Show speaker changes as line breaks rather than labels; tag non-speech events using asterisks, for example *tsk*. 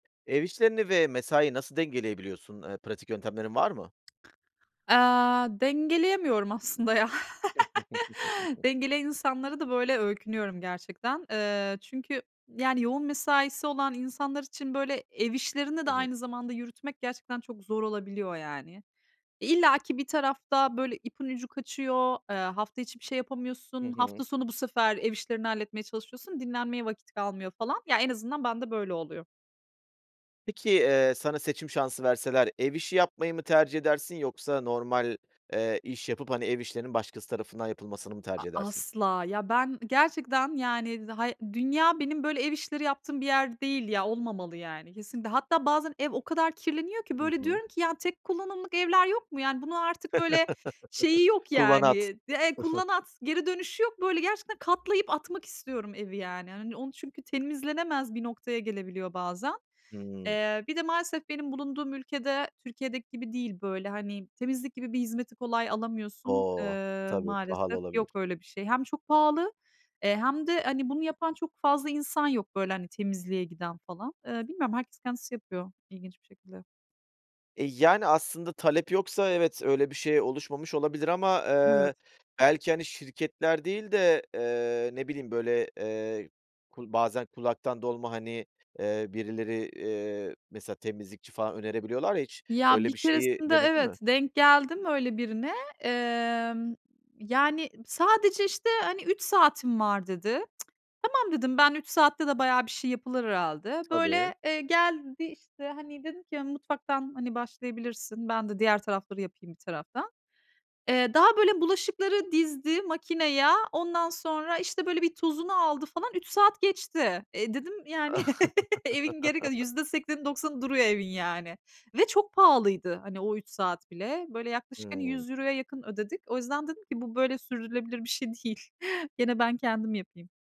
Ev işlerini ve mesaiyi nasıl dengeleyebiliyorsun? Iıı, pratik yöntemlerin var mı?
Aaa, dengeleyemiyorum aslında ya. *laughs*
*giggles*
Dengeleyen insanlara da böyle öykünüyorum gerçekten. Eee, çünkü yani yoğun mesaisi olan insanlar için, böyle, ev işlerini de
Hı hı.
aynı zamanda yürütmek gerçekten çok zor olabiliyor. E, illaki bir tarafta, böyle, ipin ucu kaçıyor, ııı, hafta içi bir şey
Hı
yapamıyorsun,
hı.
hafta sonu bu sefer ev işlerini halletmeye çalışıyorsun, dinlenmeye vakit kalmıyor falan. Ya, en azından bende böyle oluyor.
Peki, ııı, sana seçim şansı verseler ev işi yapmayı mı tercih edersin yoksa normal, ııı, iş yapıp hani ev işlerinin başkası tarafından yapılmasını mı
A
tercih edersin?
asla! Ya, ben gerçekten yani da hay dünya benim böyle ev işleri yaptığım bir yer değil ya, olmamalı yani, kesinlikle. Hatta bazen ev o kadar kirleniyor ki
Hı
böyle
hı.
diyorum ki "Ya, tek kullanımlık evler yok mu?" Yani bunun artık böyle şeyi
*laughs*
yok
Kullan
yani,
at.
d e
*chuckles*
kullan at, geri dönüşü yok. Böyle gerçekten katlayıp atmak istiyorum evi yani. Hani onu çünkü temizlenemez bir noktaya gelebiliyor bazen.
Hımm.
Eee, bir de maalesef benim bulunduğum ülke de Türkiye'deki gibi değil böyle hani temizlik gibi bir hizmeti kolay alamıyorsun,
O!
ııı,
Tabii pahalı
maalesef yok
olabilir.
öyle bir şey. Hem çok pahalı, ııı, hem de hani bunu yapan çok fazla insan yok böyle hani temizliğe giden falan. Iıı, bilmiyorum herkes kendisi yapıyor ilginç bir şekilde.
E, yani aslında talep yoksa, evet, öyle bir şey oluşmamış olabilir ama,
Evet.
ııı, belki hani şirketler değil de, ııı, ne bileyim böyle, ııı, kul bazen kulaktan dolma hani, ııı, birileri, ııı, mesela temizlikçi falan önerebiliyorlar ya hiç
Ya, bir
öyle bir şeyi
keresinde,
denedin
evet,
mi?
denk geldim öyle birine. Imm, yani "Sadece, işte, hani, 3 saatim var." dedi. *tsk* "Tamam." dedim, ben 3 saatte de bayağı bir şey yapılır herhâlde.
Tabii.
Böyle, eee, geldi işte hani dedim ki, "yani mutfaktan başlayabilirsin. Ben de diğer tarafları yapayım bir taraftan." Iıı; daha böyle bulaşıkları dizdi makineye. Ondan sonra, işte, böyle bir tozunu aldı falan, 3 saat geçti. E, dedim yani *laughs* evin geri kalan
*chuckles*
%80'i 90'ı duruyor evin yani ve çok pahalıydı hani o 3 saat bile. Böyle, yaklaşık, hani,
Hımm.
€100'ya yakın ödedik. O yüzden dedim ki, "Bu böyle sürdürülebilir bir şey değil. Gene ben kendim yapayım."